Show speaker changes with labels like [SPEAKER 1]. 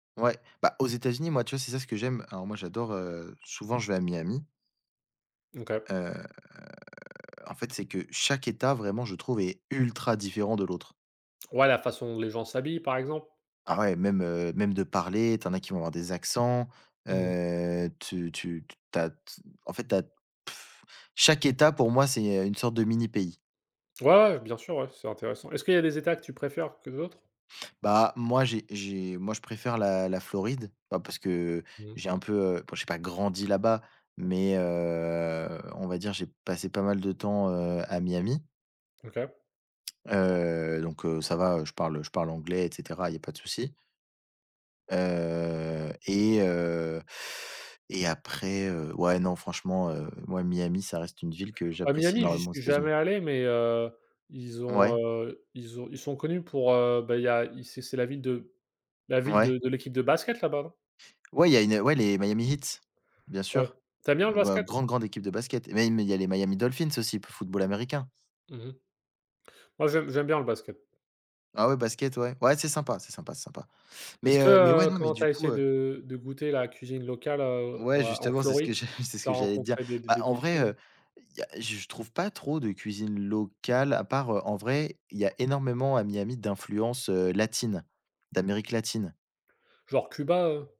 [SPEAKER 1] Ouais, bah, aux États-Unis, moi, tu vois? C'est ça ce que j'aime. Alors moi, j'adore, heu souvent je vais à Miami.
[SPEAKER 2] OK.
[SPEAKER 1] Heu, en fait, c'est que chaque État, vraiment, je trouve, est ultra différent de l'autre.
[SPEAKER 2] Ouais, la façon dont les gens s'habillent, par exemple?
[SPEAKER 1] Ah ouais, même, heu, même de parler, tu en as qui vont avoir des accents.
[SPEAKER 2] Mmh.
[SPEAKER 1] Heu, tu tu t tu as t en fait, tu as chaque État pour moi, c'est, heu, une sorte de mini pays.
[SPEAKER 2] Ouais, ouais, bien sûr ouais, c'est intéressant. Est-ce qu'il y a des États que tu préfères que d'autres?
[SPEAKER 1] Bah, moi, j'ai j'ai moi je préfère la la Floride, bah, parce que
[SPEAKER 2] Mmh.
[SPEAKER 1] j'ai un peu, heu, bon, j'ai pas grandi là-bas, mais heu, on va dire, j'ai passé pas mal de temps, heu, à Miami.
[SPEAKER 2] OK.
[SPEAKER 1] Heu, donc, heu, ça va, heu, je parle je parle anglais et cetera, il y a pas de souci. Heu et heu, et après, heu, ouais, non, franchement, heu, moi Miami ça reste une ville que
[SPEAKER 2] À
[SPEAKER 1] j'apprécie
[SPEAKER 2] Miami, j'y
[SPEAKER 1] énormément aux
[SPEAKER 2] suis
[SPEAKER 1] États-Unis.
[SPEAKER 2] jamais allé mais, heu, ils ont,
[SPEAKER 1] Ouais.
[SPEAKER 2] heu, ils ont ils sont connus pour, heu, bah, il y a c'est c'est la ville de la ville de
[SPEAKER 1] Ouais.
[SPEAKER 2] de l'équipe de basket là-bas, non?
[SPEAKER 1] Ouais, il y a une ouais les Miami Heat, bien
[SPEAKER 2] Ouais,
[SPEAKER 1] sûr.
[SPEAKER 2] tu aimes bien
[SPEAKER 1] G
[SPEAKER 2] le basket?
[SPEAKER 1] grande, grande équipe de basket, et même il y a les Miami Dolphins aussi pour football américain.
[SPEAKER 2] Mmh mh. Moi j'aime j'aime bien le basket.
[SPEAKER 1] Ah ouais, basket, ouais, ouais, c'est sympa, c'est sympa, c'est sympa mais
[SPEAKER 2] Est-ce que,
[SPEAKER 1] heu, mais ouais,
[SPEAKER 2] heu,
[SPEAKER 1] non, mais
[SPEAKER 2] quand tu
[SPEAKER 1] du
[SPEAKER 2] as
[SPEAKER 1] coup,
[SPEAKER 2] essayé
[SPEAKER 1] heu
[SPEAKER 2] de de goûter la cuisine locale, heu,
[SPEAKER 1] Ouais,
[SPEAKER 2] à en
[SPEAKER 1] justement, c'est ce que
[SPEAKER 2] Floride,
[SPEAKER 1] je c'est ce
[SPEAKER 2] tu as
[SPEAKER 1] que j'allais te dire.
[SPEAKER 2] rencontré des d
[SPEAKER 1] Bah,
[SPEAKER 2] des
[SPEAKER 1] en vrai,
[SPEAKER 2] défis ou
[SPEAKER 1] heu, il y a je trouve, pas trop de cuisine locale à part, heu, en vrai, il y a énormément à Miami d'influence, heu, latine, d'Amérique latine.
[SPEAKER 2] Genre Cuba, heu